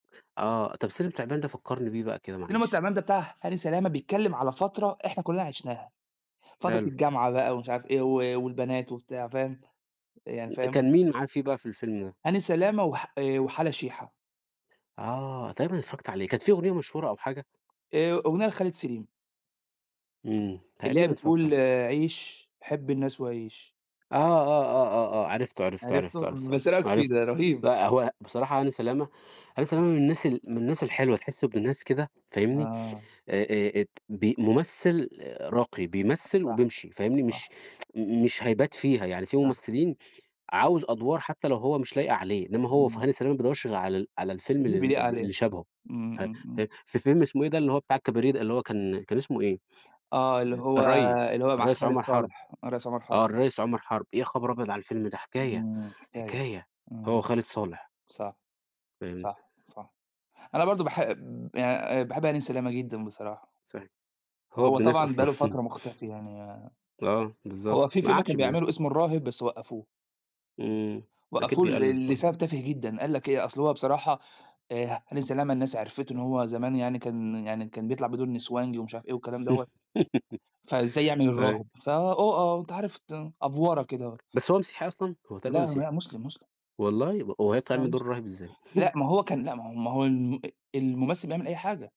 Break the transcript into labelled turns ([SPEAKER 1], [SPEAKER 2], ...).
[SPEAKER 1] آه، طب السلم والتعبان ده فكّرني بيه بقى كده
[SPEAKER 2] السلم
[SPEAKER 1] معلش.
[SPEAKER 2] والتعبان ده بتاع هاني سلامة، بيتكلّم على فترة إحنا كلّنا عِشناها، فترة
[SPEAKER 1] حلو.
[SPEAKER 2] الجامعة بقى ومش عارف إيه و والبنات وبتاع فاهم، يعني
[SPEAKER 1] م
[SPEAKER 2] فاهم؟
[SPEAKER 1] كان مين معاه فيه بقى في الفيلم ده؟
[SPEAKER 2] هاني سلامة، وح آآ وحلا شيحة.
[SPEAKER 1] آه تقريبًأ اتفرّجت عليه، كانت فيه أغنية مشهورة أو حاجة؟
[SPEAKER 2] آآ، أغنية لخالد سليم.
[SPEAKER 1] إمم،
[SPEAKER 2] اللي هي
[SPEAKER 1] تقريبًا اتفرّجت
[SPEAKER 2] بتقول:
[SPEAKER 1] عليه.
[SPEAKER 2] "عِيش حِب الناس، وعِيش."
[SPEAKER 1] آه، آه، آه، آه، آه، عرفته، عرفته، عرفته،
[SPEAKER 2] عرفته؟
[SPEAKER 1] عرفته، عرفته،
[SPEAKER 2] بس إيه رأيك فيه؟ ده
[SPEAKER 1] عرفته،
[SPEAKER 2] رهيب.
[SPEAKER 1] لأ هو بصراحة هاني سلامة هاني سلامة من الناس ال من الناس الحلوة تحسّه ابن ناس كده فاهمني،
[SPEAKER 2] آه.
[SPEAKER 1] آآ آآ، أت ب ممثّل راقي، بيمثّل
[SPEAKER 2] صح
[SPEAKER 1] وبيمشي فاهمني، مش
[SPEAKER 2] صح.
[SPEAKER 1] مش هيبات فيها، يعني في
[SPEAKER 2] صح.
[SPEAKER 1] ممثّلين عاوز أدوار حتّى لو هو مش لايقة عليه، إنما هو ف
[SPEAKER 2] إمم.
[SPEAKER 1] هاني سلامة مابيدوّرش غير على ال على الفيلم ال
[SPEAKER 2] اللي
[SPEAKER 1] ال
[SPEAKER 2] بيليق
[SPEAKER 1] ال
[SPEAKER 2] عليه،
[SPEAKER 1] اللي شبهه،
[SPEAKER 2] إمم،
[SPEAKER 1] ف
[SPEAKER 2] إمم، إمم.
[SPEAKER 1] في في فيلم اسمه إيه ده اللي هو بتاع الكباريه ده، اللي هو كان كان اسمه إيه؟
[SPEAKER 2] آه، اللي هو
[SPEAKER 1] الريّس،
[SPEAKER 2] اللي هو مع
[SPEAKER 1] الريّس
[SPEAKER 2] خالد
[SPEAKER 1] عُمَر حَرب،
[SPEAKER 2] صالح، الريّس عُمَر حَرب.
[SPEAKER 1] آه الريّس عُمَر حَرب، يا خبر أبيض على الفيلم ده! حكاية،
[SPEAKER 2] إمم، حكاية،
[SPEAKER 1] حكاية هو
[SPEAKER 2] إمم،
[SPEAKER 1] وخالد صالح.
[SPEAKER 2] صح،
[SPEAKER 1] فهمت.
[SPEAKER 2] صح، صح، أنا برضه باحـب يعني آآ باحب هاني سلامة جدًا بصراحة.
[SPEAKER 1] صحيح، هو
[SPEAKER 2] هو
[SPEAKER 1] ابن ناس
[SPEAKER 2] طبعًا بقى
[SPEAKER 1] أصلًا.
[SPEAKER 2] له فترة مختفي يعني،
[SPEAKER 1] آه، بالضبط،
[SPEAKER 2] هو في
[SPEAKER 1] ما
[SPEAKER 2] فيلم
[SPEAKER 1] قعدش
[SPEAKER 2] كان
[SPEAKER 1] بيمث
[SPEAKER 2] بيعمله اسمه الراهب بس وقّفوه.
[SPEAKER 1] إمم، أكيد
[SPEAKER 2] وقفوه
[SPEAKER 1] بيألّس
[SPEAKER 2] ل لسبب
[SPEAKER 1] برضه.
[SPEAKER 2] تافه جدًا، قال لك إيه، أصل هو بصراحة آآ هاني سلامة الناس عرفته إن هو زمان يعني كان يعني كان بيطلع بدور نسوانجي ومش عارف إيه والكلام دوّة، فإزاي يعمل
[SPEAKER 1] صحيح.
[SPEAKER 2] الراهب؟ ف أ آه أنت عارف ت أفْوَرَة كده آه.
[SPEAKER 1] بس هو مسيحي أصلًا؟ هو تقريبًا
[SPEAKER 2] لا،
[SPEAKER 1] مسيحي.
[SPEAKER 2] لا، مسلم، مسلم.
[SPEAKER 1] والله! و وهيطلع
[SPEAKER 2] لا
[SPEAKER 1] يعمل دور
[SPEAKER 2] مسلم،
[SPEAKER 1] الراهب ازاي؟
[SPEAKER 2] لأ ما هو كان لأ ما هو ما هو الم أ الممثّل بيعمل أي حاجة.